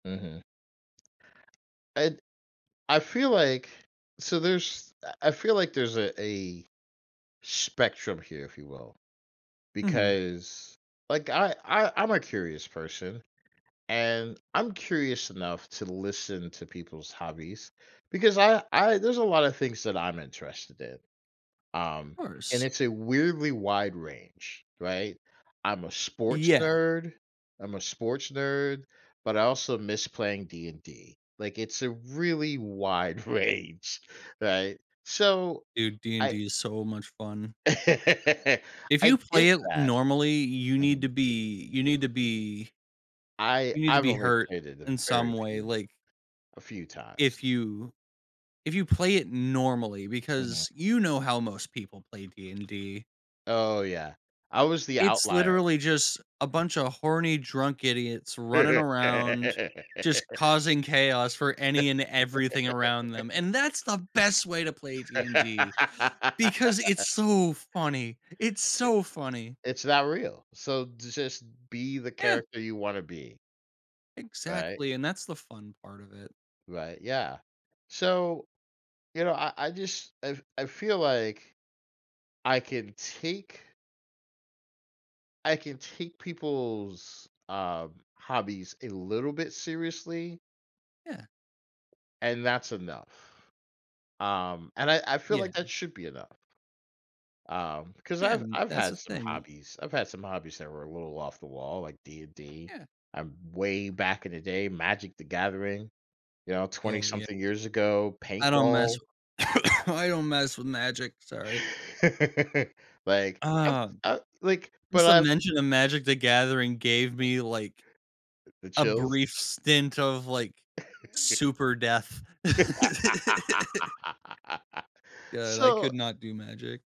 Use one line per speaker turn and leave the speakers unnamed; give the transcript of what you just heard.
Mhm. And I feel like so there's I I feel like there's a a sh spectrum here, if you will,
Mhm.
because, like, I I I'm a curious person, and I'm curious enough to listen to people's hobbies, because I I there's a lotta things that I'm interested in, um,
Of
and
course.
it's a weirdly wide range, right? I'm a sports
Yeah.
nerd I'm a sports nerd, but I also miss playing D&D, like, it's a really wide range, right? So
Dude,
I
D&D is so much fun. If
I
you play
did
it
that.
normally, you need to
Mhm.
be you need to be
I
you need to
I've
be
only
hurt
played it a
in some
very
way,
few
like
a few times.
if you if you play it normally,
Mhm.
because you know how most people play D&D.
Oh, yeah, I was the
It's
outlier.
literally just a bunch of horny, drunk idiots running around, just causing chaos for any and everything around them, and that's the best way to play D&D because it's so funny. It's
Eh
so funny.
it's not real, so just be the
Yeah.
character you wanna be. Right.
Exactly, and that's the fun part of it.
Right, yeah. So, you know, I I just, I I feel like I can take I can take people's, uh, hobbies a little bit seriously
Yeah.
and that's enough. Um, and I I feel
Yeah.
like that should be enough. Um, cause
Yeah,
I've
and
I've
that's
had
the
some
thing.
hobbies, I've had some hobbies that were a little off the wall, like D&D,
Yeah.
I'm way back in the day; Magic The Gathering, you know, 20
Oh, ye
something years ago;
I don't mess
paintball.
I don't mess with Magic, sorry.
Like, I
Uh,
I like, but
just the
I've
mention of Magic: The Gathering gave me, like,
Uh, the
a brief
chills?
stint of, like, super death. God, I could
So
not do Magic.